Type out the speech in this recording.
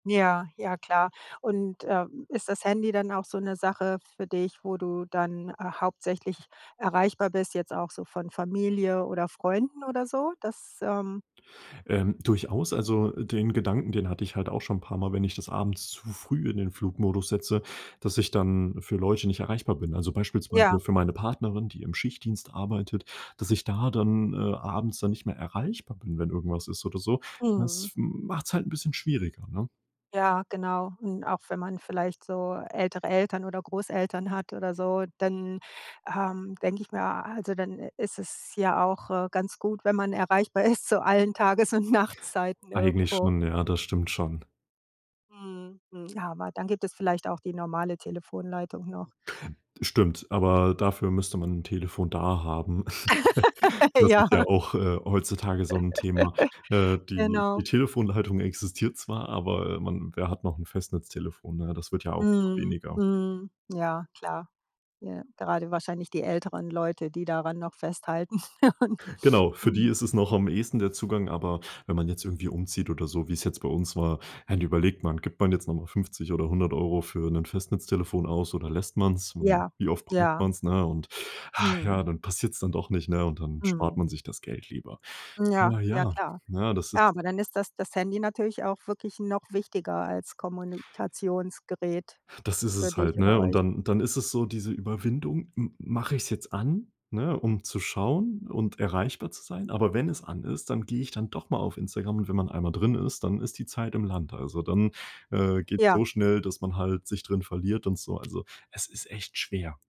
Ja, ja, klar. Und, äh, ist das Handy dann auch so 'ne Sache für dich, wo du dann hauptsächlich erreichbar bist, jetzt auch so von Familie oder Freunden oder so? Dass, ähm Ähm, durchaus. Also, den Gedanken, den hatte ich halt auch schon paarmal, wenn ich das abends zu früh in den Flugmodus setze, dass ich dann für Leute nicht erreichbar bin. Also, beispielsweise Ja. für meine Partnerin, die im Schichtdienst arbeitet, dass ich da dann, äh, abends dann nicht mehr erreichbar bin, wenn irgendwas ist oder so. Mhm. Das macht's halt 'n bisschen schwieriger, ne? Ja, genau. Und auch wenn man vielleicht so ältere Eltern oder Großeltern hat oder so, dann, ähm, denke ich mir a also dann ist es ja auch, äh, ganz gut, wenn man erreichbar ist, zu allen Tages und Nachtzeiten Eigentlich irgendwo. schon, ja, das stimmt schon. Mhm, mhm. Aber dann gibt es vielleicht auch die normale Telefonleitung noch. Stimmt, aber dafür müsste man 'n Telefon da haben. Das ist ja Ja. auch, äh, heutzutage so 'n Thema. Äh, die die Genau. Telefonleitung existiert zwar, aber, äh, man wer hat noch 'n Festnetztelefon, ne? Das wird ja auch immer Mhm. weniger. Mhm. Ja, klar. Ja. Gerade wahrscheinlich die älteren Leute, die daran noch festhalten. Genau, für die Mhm. ist es noch am ehesten der Zugang, aber wenn man jetzt irgendwie umzieht oder so, wie es jetzt bei uns war, dann überlegt man. Gibt man jetzt noch mal 50 oder 100 € für 'nen Festnetztelefon aus oder lässt man's? Mm, Ja, wie oft braucht ja. man's, ne? Und ach Mhm. ja, dann passiert's dann doch nicht, ne? Und dann spart Mhm. man sich das Geld lieber. Ja, Na ja, ja, klar. ne, das Ja, ist aber dann ist das das Handy natürlich auch wirklich noch wichtiger als Kommunikationsgerät Das ist für es dich halt, oder ne? Und euch. dann dann ist es so diese Überwindung, m mach ich's jetzt an, ne? Um zu schauen und erreichbar zu sein? Aber wenn es an ist, dann geh ich dann doch mal auf Instagram und wenn man einmal drin ist, dann ist die Zeit im Land. Also, dann, äh, geht's Ja. so schnell, dass man halt sich drin verliert und so. Also, es ist echt schwer.